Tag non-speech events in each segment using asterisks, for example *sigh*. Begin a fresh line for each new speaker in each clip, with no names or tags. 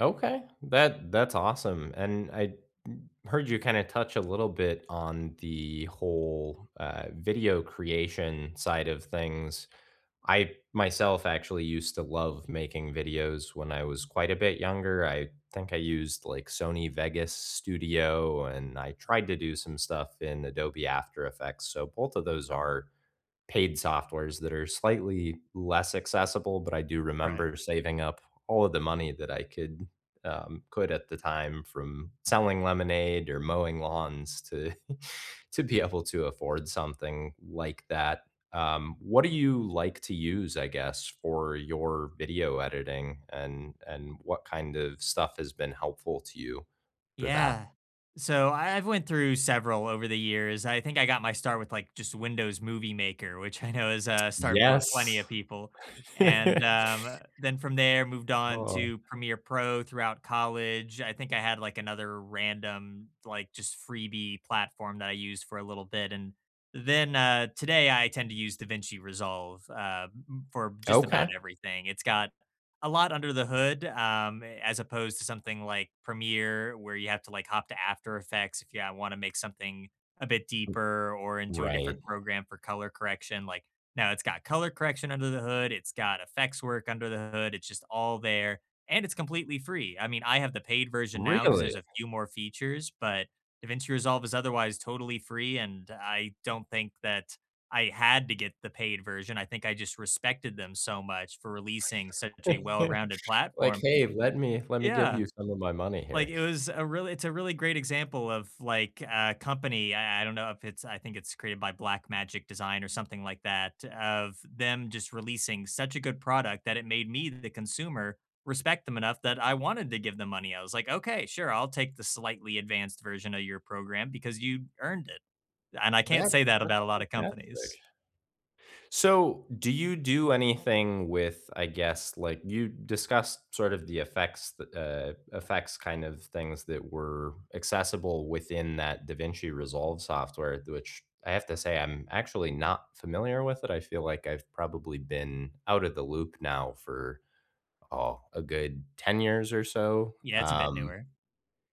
Okay, that that's awesome, and I, mm, heard you kinda touch a little bit on the whole, uh, video creation side of things. I myself actually used to love making videos when I was quite a bit younger, I think I used, like, Sony Vegas Studio and I tried to do some stuff in Adobe After Effects, so both of those are paid softwares that are slightly less accessible, but I do
Right.
remember saving up all of the money that I could, um, could at the time from selling lemonade or mowing lawns to *chuckles* to be able to afford something like that. Um, what do you like to use, I guess, for your video editing, and and what kind of stuff has been helpful to you for that?
Yeah. So, I I've went through several over the years, I think I got my start with, like, just Windows Movie Maker, which I know is a start for
Yes.
plenty of people, and,
*laughs*
um, then from there moved on
Oh.
to Premiere Pro throughout college. I think I had, like, another random, like, just freebie platform that I used for a little bit, and then, uh, today I tend to use DaVinci Resolve, uh, m m for just about
Okay.
everything, it's got a lot under the hood, um, as opposed to something like Premiere where you have to, like, hop to After Effects, if you, uh, wanna make something a bit deeper or into a
Right.
different program for color correction, like, now it's got color correction under the hood, it's got effects work under the hood, it's just all there, and it's completely free, I mean, I have the paid version now, 'cause
Really?
there's a few more features, but DaVinci Resolve is otherwise totally free, and I don't think that I had to get the paid version, I think I just respected them so much for releasing such a
*chuckles*
well-rounded
Like,
platform.
"Hey, let me let me give
Yeah.
you some of my money
Like,
here."
it was a real it's a really great example of, like, a company I I don't know if it's I think it's created by Black Magic Design or something like that, of them just releasing such a good product that it made me, the consumer, respect them enough that I wanted to give them money. I was, like, "Okay, sure, I'll take the slightly advanced version of your program because you earned it." And, I can't
That
say that
that's
about a lotta companies.
fantastic. So, do you do anything with, I guess, like, you discussed sort of the effects the, uh, effects kind of things that were accessible within that DaVinci Resolve software, which I have to say I'm actually not familiar with it, I feel like I've probably been out of the loop now for, oh, a good 10 years or so,
Yeah, it's a bit
um,
newer.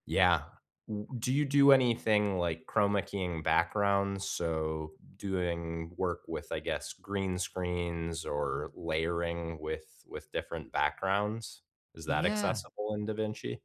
yeah. W do you do anything like Chrome making backgrounds, so doing work with, I guess, green screens, or layering with with different backgrounds? Is that
Yeah.
accessible in DaVinci?